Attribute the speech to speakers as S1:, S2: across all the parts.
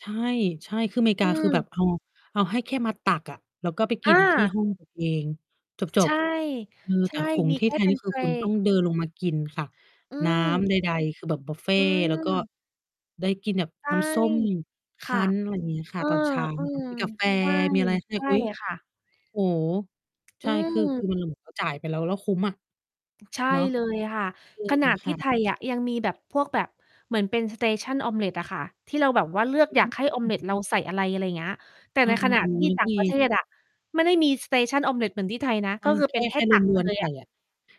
S1: ใช่ ใช่ คืออเมริ
S2: อ
S1: ก
S2: ื
S1: าคือแบ
S2: ม
S1: บ เอา เอาให้แค่มาตักอะ แล้วก็ไปก
S2: อ
S1: ินที่
S2: า
S1: ห้อง ตัว เอง จ
S2: ใช
S1: บ
S2: ่
S1: ๆ เออ
S2: ใช
S1: แต่
S2: ่
S1: ของ
S2: มี
S1: ที
S2: แ
S1: ่
S2: ค
S1: ไ
S2: ่
S1: ทย
S2: เป
S1: น
S2: ็
S1: ี
S2: น
S1: ่
S2: เ
S1: ค
S2: พ
S1: ือ
S2: ล
S1: คุณต้องเดินลงมากินค่ะ
S2: อื
S1: น้ำ
S2: ม
S1: ใด ๆ คือแบบบุฟเฟ
S2: อื
S1: ต์ แล้วก็
S2: ม
S1: ได้กินแบบ
S2: ใช่
S1: น้ำส้มค
S2: ค่
S1: ั
S2: ะ
S1: ้น อะไรอย่างงี้
S2: เ
S1: ค
S2: อ
S1: ่ะ
S2: อ
S1: ตอน เช้า
S2: อื
S1: กับ
S2: ม
S1: มีกาแฟ
S2: ใช่
S1: มีอะไรที่แ
S2: ใ
S1: บ
S2: ช
S1: บ
S2: ่
S1: อุ๊ย!
S2: ค่ะ
S1: โอ้โฮ ใ
S2: อ
S1: ช
S2: ื
S1: ่ คือ คื
S2: ม
S1: อ มัน เหมือน เราจ่ายไปแล้ว แล้วคุ้มอะ
S2: ใช่
S1: เนาะ
S2: เล
S1: อื
S2: ย
S1: ม
S2: ค่ะ ขนาดท
S1: ค
S2: ี่
S1: ่
S2: ไท
S1: ะ
S2: ยอะ ยังมีแบบพวก แบบเหมือนเป็น Station Omelet อะค่ะ ที่เราแบบว่า เลือก
S1: อ
S2: อยา
S1: ื
S2: กให้ Omelet เราใส่
S1: ม
S2: อะไร อะไรเงี้ย แต่
S1: อ
S2: ใ
S1: า
S2: นข
S1: ๆ
S2: ณะ
S1: โอ้โฮ
S2: ที่
S1: นั่
S2: ต
S1: น
S2: ่
S1: ก็
S2: าง
S1: มี
S2: ประเทศอะ ไม่ได้มี Station Omelet เหมือนที่ไทยนะ
S1: ไม
S2: ก
S1: ่
S2: ็คือ
S1: แค
S2: เป็
S1: ่
S2: นแค
S1: แค
S2: ่
S1: ่
S2: ต
S1: ร
S2: ัก ไป
S1: วน
S2: เล
S1: ๆ ไ
S2: ย
S1: ข
S2: อ
S1: ่
S2: ะ
S1: อะ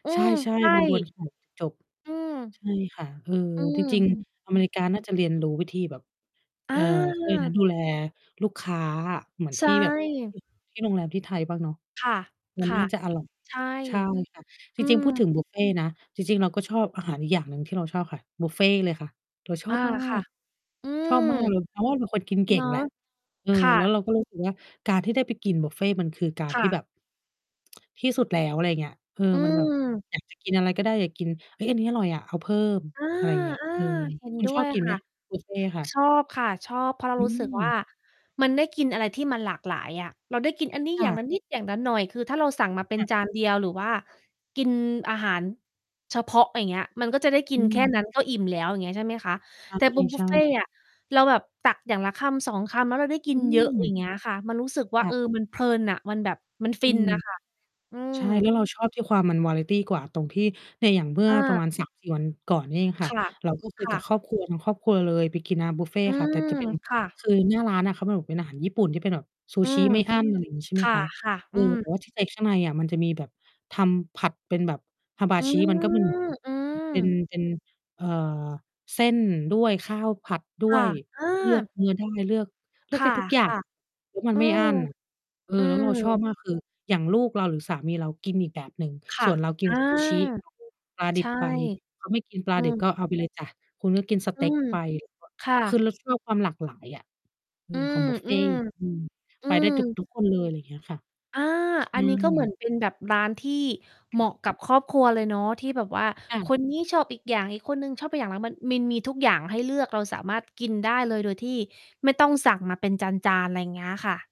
S2: อื
S1: ใช
S2: ม
S1: ่
S2: ใช่
S1: ๆ รวน ๆ ไข่ จบ
S2: อืม
S1: ๆ ใช่ค่ะ เออ
S2: อื
S1: จ
S2: ม
S1: ริง ๆ
S2: อ
S1: อ
S2: ื
S1: เม
S2: อ อ
S1: ริกาน่าจะเรียนรู้วิธีแบบ เอ่อ เขาเรียกอะไรนะ
S2: อา
S1: ดูแลลูกค้าอะเหมือน
S2: ใช
S1: ท
S2: ่
S1: ี่แบบ อ ที่โรงแรมที่ไทยบ้างเนาะ
S2: ค่ะ
S1: มัน
S2: ค่
S1: น่
S2: ะ
S1: าจะอร่อย
S2: ใช่
S1: ใช่ค่ะ จ
S2: อ
S1: ร
S2: ื
S1: ิง
S2: ม
S1: ๆ พูดถึงบุฟเฟต์นะ จริง ๆ เราก็ชอบอาหารอีกอย่างหนึ่งที่เราชอบค่ะ บุฟเฟต์เลยค่ะ เราชอ
S2: อา
S1: บมา
S2: ค่ะ
S1: ก
S2: อื
S1: ชอ
S2: ม
S1: บ มากเลย เพราะว่าเป็นคนกินเก
S2: เ
S1: ่
S2: น
S1: ง
S2: าะ
S1: แหละ เออ
S2: ค่
S1: แล้
S2: ะ
S1: ว เรา ก็รู้สึกว่า การที่ได้ไปกินบุฟเฟต์มันคือการ
S2: ค่
S1: ที่
S2: ะ
S1: แบบ ที่สุดแล้ว อะไรเงี้ย เออ
S2: อื
S1: มันแบบ
S2: ม
S1: อยากจะ กินอะไรก็ได้ อยากกิน "เฮ้ย อันนี้อร่อยอะ เอาเพิ่ม"
S2: อา
S1: อะไรเงี้ย อืม
S2: ๆ เห็น
S1: คุณ
S2: ด้
S1: ช
S2: ว
S1: อบ
S2: ย
S1: กิน
S2: ค
S1: ไหม?
S2: ่ะ
S1: บุฟเฟต์ค่ะ
S2: ชอบค่ะ ชอบ เพราะเรา
S1: อ
S2: รู้สึกว่า
S1: ืม
S2: มันได้กินอะไรที่มันหลากหลายอะ เราได้กินอันนี้
S1: ค
S2: อ
S1: ่
S2: ย่า
S1: ะ
S2: งละ นิด อย่างละหน่อย คือถ้าเราสั่งมาเป็
S1: ค
S2: น
S1: ่ะ
S2: จาน เดียว หรือว่ากินอาหาร เฉพาะ อย่างเงี้ย มันก็จะได้กิ
S1: อื
S2: นแค
S1: ม
S2: ่ นั้นก็อิ่มแล้ว อย่างเงี้ย ใช่ไหมคะ แต่ บุฟ บ
S1: ใ
S2: ุ
S1: ช
S2: ฟ
S1: ่
S2: เฟต
S1: ๆ
S2: ์อะ เราแบบตักอย่างละ 1-2 คำ แล้วเราได้กิ
S1: อื
S2: นเยอะ
S1: ม
S2: อย่างเงี้ยค่ะ มันรู้สึกว่
S1: ค
S2: า
S1: ่
S2: เอ
S1: ะ
S2: อ มันเพลินน่ะ มันแบบ มัน
S1: อ
S2: ฟ
S1: ื
S2: ิน
S1: ม
S2: น่ะ ค่ะ อื
S1: ใช
S2: ม
S1: ่ แล้วเราชอบที่ความมัน วาไรตี กว่า ตรงที่เนี่ยอย่างเมื่
S2: เ
S1: อประม
S2: ออ
S1: าณ 3-4 วันก่อนนี่เองค่
S2: ค
S1: ะ
S2: ่ะ
S1: เราก็คือ
S2: ค
S1: ก
S2: ่
S1: ับ
S2: ะ
S1: ครอบครัวเนาะ ครอบครัวเลยไปกินร้านบุฟเฟ
S2: อื
S1: ค่ะ แต่
S2: ม
S1: จะเป็น
S2: ค่ะ
S1: คือหน้าร้านน่ะ เขาบอกเป็นอาหาร ญี่ปุ่นที่เป็นแบบซู
S2: อื
S1: ชิ
S2: ม
S1: ไม่อั้น อะไรอย่างนี้ใช่
S2: ค
S1: ไหมคะ
S2: ่ะ
S1: เ
S2: ๆ
S1: อ
S2: อื
S1: อ
S2: ม
S1: แต่ว่าที่ใจข้างในอะมันจะมีแบบทำผัดเป็นแบบ
S2: อื
S1: Hamachi มันก็มี อยู่
S2: ม อื
S1: เป็น
S2: ม
S1: เป็น เอ่อ เส้นด้วย ข้าวผัดด้
S2: ค่
S1: ว
S2: ะ
S1: ย
S2: อ
S1: เลือก
S2: า
S1: เนื้อได้ เลือก เลื
S2: ค
S1: อกได
S2: ่
S1: ้ทุกอย่าง
S2: ะ
S1: แล้วมั
S2: ๆ อ
S1: น
S2: ื
S1: ไม่อั
S2: อ
S1: ้น เอ
S2: อื
S1: อ แล้วเราชอบ
S2: ม
S1: มาก คือ อย่างลูกเราหรือสามีเรากินอีกแบบหนึ่ง
S2: ค
S1: ส
S2: ่
S1: ่
S2: ะ
S1: วนเรากิ
S2: อ
S1: น
S2: า
S1: ซูชิ [unintelligible] ปลาด
S2: ใ
S1: ิ
S2: ช
S1: บ
S2: ่
S1: ไป เขาไม่กินปล
S2: อื
S1: าดิบ
S2: ม
S1: ก็เอาไปเลยจ้ะ คุณก็กินส
S2: อ
S1: เต
S2: ื
S1: ็ก
S2: ม
S1: ไป [unintelligible]
S2: ค่
S1: ค
S2: ะ
S1: ือเราชอบความหลากหลายอะ อื
S2: อื
S1: ม ขอ
S2: ม
S1: ง บุฟเ
S2: อ
S1: ฟ
S2: ื
S1: ต
S2: ม
S1: ์ อืม
S2: อื
S1: ไปได้ทุก
S2: ม
S1: ทุกคนเลย อะไรเงี้ยค่ะ
S2: อา
S1: ใช
S2: อันนี้ก็เหมือ
S1: ่
S2: นเป็นแบบร้านที่เหมาะกับครอบครัวเลยเนาะ ที่แบบว่า
S1: ค่
S2: ค
S1: ะ
S2: น นี้ ชอบอีกอย่าง อีกคนหนึ่งชอบไปอย่าง แล้วมันมี มีทุกอย่าง ให้เลือก เราสามารถกินได้เลยโดยที่ไม่ต้องสั่งมาเป็นจาน ๆ อะไรเงี้ยค่ะ